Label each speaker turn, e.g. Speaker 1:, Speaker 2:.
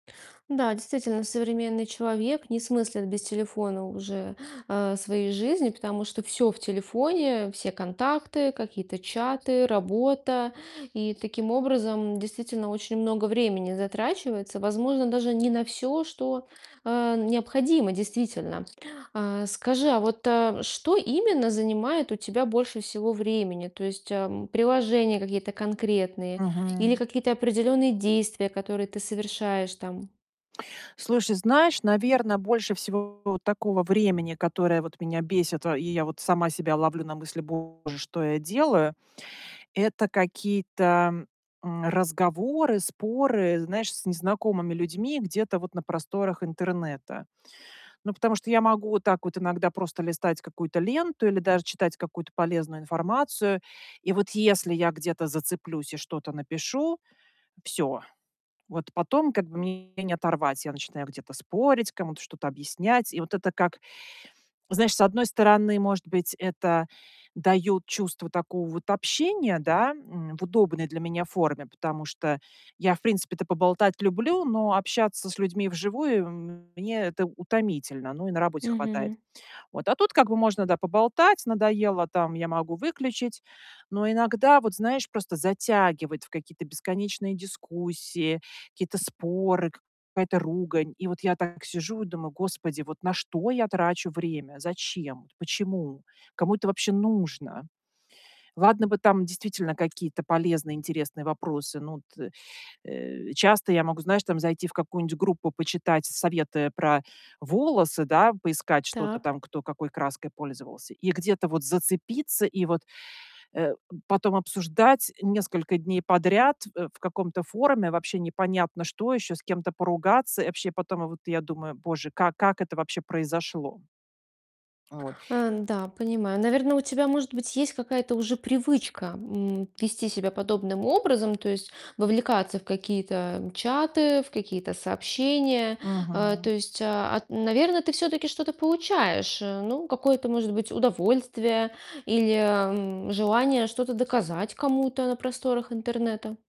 Speaker 1: Да, действительно, современный человек не смыслит без телефона уже, э, своей жизни, потому что всё в телефоне, все контакты, какие-то чаты, работа. И таким образом, действительно очень много времени затрачивается, возможно, даже не на всё, что, э, необходимо действительно. А, скажи, а вот, а, что именно занимает у тебя больше всего времени? То есть, а, приложения какие-то конкретные или
Speaker 2: Мгм.
Speaker 1: какие-то определенные действия, которые ты совершаешь там?
Speaker 2: Слушай, знаешь, наверно, больше всего такого времени, которое вот меня бесит, во и я вот сама себя ловлю на мысли: "Боже, что я делаю?"- это какие-то, м, разговоры, споры, знаешь, с незнакомыми людьми где-то вот на просторах интернета. Ну, потому что я могу вот так вот иногда просто листать какую-то ленту или даже читать какую-то полезную информацию. И вот если я где-то зацеплюсь и что-то напишу- всё, вот потом как бы меня не оторвать. Я начинаю где-то спорить, кому-то что-то объяснять. И вот это как, знаешь, с одной стороны, может быть, это даёт чувство такого вот общения, да, м, в удобной для меня форме, потому что я, в принципе-то, поболтать люблю, но общаться с людьми вживую- мне это утомительно. Ну и на работе хватает.
Speaker 1: Мгм.
Speaker 2: Вот. А тут как бы можно, да, поболтать, надоело там- я могу выключить. Но иногда вот, знаешь, просто затягивает в какие-то бесконечные дискуссии, какие-то споры, какая-то ругань. И вот я так сижу и думаю: "Господи, вот на что я трачу время? Зачем? Почему? Кому это вообще нужно?" Ладно бы там действительно какие-то полезные, интересные вопросы. Ну, вот, э, э, часто я могу, знаешь, там зайти в какую-нибудь группу, почитать советы про волосы, да, поискать что-то
Speaker 1: Так.
Speaker 2: там, кто какой краской пользовался, и где-то вот зацепиться, и вот, э, потом обсуждать несколько дней подряд, э, в каком-то форуме вообще непонятно что еще, с кем-то поругаться. И вообще потом вот я думаю: "Боже, как как это вообще произошло?" Вот.
Speaker 1: Ан да, понимаю. Наверно, у тебя, может быть, есть какая-то уже привычка, м, вести себя подобным образом, то есть вовлекаться в какие-то чаты, в какие-то сообщения. А, то
Speaker 2: Мгм.
Speaker 1: есть, а, ат наверно, ты все-таки что-то получаешь, э, ну, какое-то, может быть, удовольствие или, м, желание что-то доказать кому-то на просторах интернета?